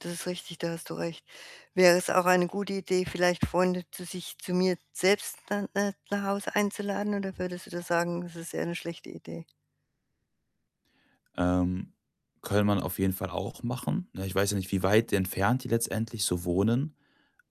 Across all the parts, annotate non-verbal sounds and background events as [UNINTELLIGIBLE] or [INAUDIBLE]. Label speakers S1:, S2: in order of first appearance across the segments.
S1: Das ist richtig, da hast du recht. Wäre es auch eine gute Idee, vielleicht Freunde zu sich zu mir selbst, äh, n nach Hause einzuladen oder würdest du da sagen, das ist eher 'ne schlechte Idee?
S2: Ähm, könnte man auf jeden Fall auch machen, ne? Ich weiß ja nicht, wie weit entfernt die letztendlich so wohnen.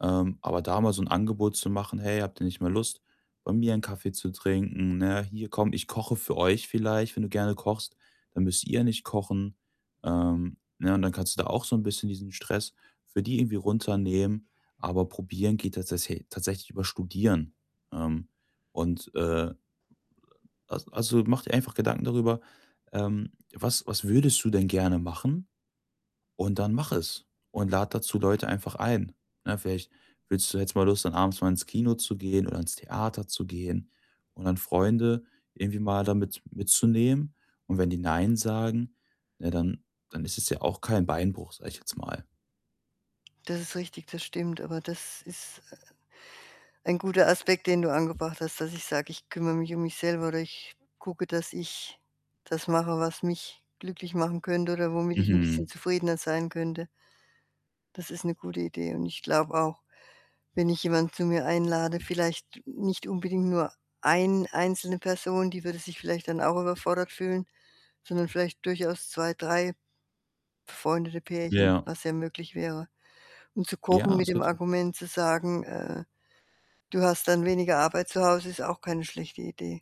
S2: Ähm, aber da mal so 'n Angebot zu machen: „Hey, habt ihr nicht mal Lust, bei mir 'nen Kaffee zu trinken, ne? Hier komm, ich koche für euch.“, vielleicht, wenn du gerne kochst, „dann müsst ihr nicht kochen,“ ähm, ne? Und dann kannst du da auch so 'n bisschen diesen Stress für die irgendwie runternehmen. Aber probieren geht tatsäsä tatsächlich über Studieren. Ähm, und, äh [UNINTELLIGIBLE] as also, mache dir einfach Gedanken darüber, ähm, was was würdest du denn gerne machen? Und dann mache es und lade dazu Leute einfach ein, ne? Vielleicht willst du jetzt mal los, dann abends mal ins Kino zu gehen oder ins Theater zu gehen und dann Freunde irgendwie mal da mit mitzunehmen. Und wenn die „nein“ sagen, ne, dann dann ist es ja auch kein Beinbruch, sage ich jetzt mal.
S1: Das ist richtig, das stimmt, aber das ist, äh, ein guter Aspekt, den du angebracht hast, dass ich sage: „Ich kümmere mich um mich selber“, oder „Ich gucke, dass ich das mache, was mich glücklich machen könnte oder womit ich 'n bisschen
S2: Mhm.
S1: zufriedener sein könnte.“ Das ist 'ne gute Idee. Und ich glaube auch, wenn ich jemanden zu mir einlade, vielleicht nicht unbedingt nur 1 einzelne Person, die würde sich vielleicht dann auch überfordert fühlen, sondern vielleicht durchaus 2, 3 befreundete Pärchen,
S2: Ja.
S1: was ja möglich wäre. Und zu kochen
S2: Ja,
S1: mit
S2: ist
S1: dem
S2: [UNINTELLIGIBLE]
S1: Argument zu sagen, äh: „Du hast dann weniger Arbeit zu Hause.“, ist auch keine schlechte Idee.